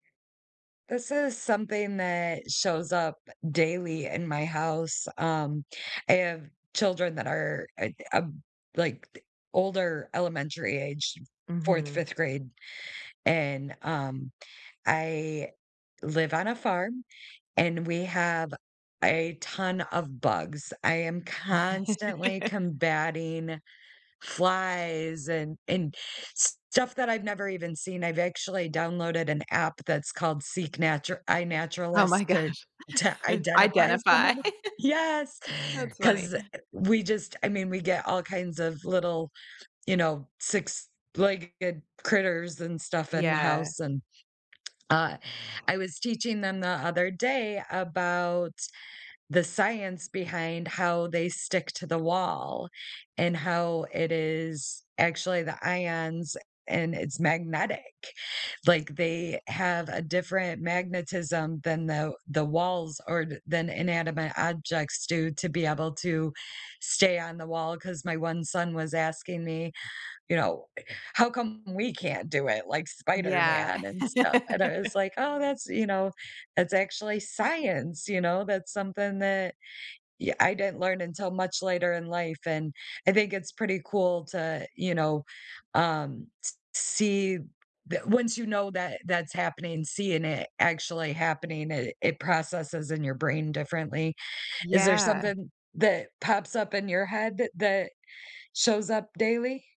This is something that shows up, eh, daily in my house. Um, I have children that are it um, like, the older elementary age, 4th, Mhm. 5th grade and, um, I live on a farm, and we have a ton of bugs. I am constantly combating flies and and stuff that I've never even seen, I've actually downloaded an app that's called Seek Natur Oh my iNaturalist to gosh, to identify some identify. of 'em. Yes, That's funny. 'cause, eh, eh, we just I mean, we get all kinds of little, you know, six-legged critters and stuff in the Yeah. house, and uh, I was teaching them the other day about the science behind how they stick to the wall and how it is actually the ions a and it's magnetic. Like they have a different magnetism than the the walls or than inanimate objects do to be able to stay on the wall 'cause my one son was asking me, you know, "How come we can't do it like Yeah. Spider-Man and stuff?" And I was like, "Oh, that's, you know that's actually science, you know?" That's something that y I didn't learn until much later in life and I think it's pretty cool to, you know, um, s see the once you know that that's happening, seeing it actually happening, it it processes in your brain differently. Is there Yeah. something that pops up in your head that that shows up daily?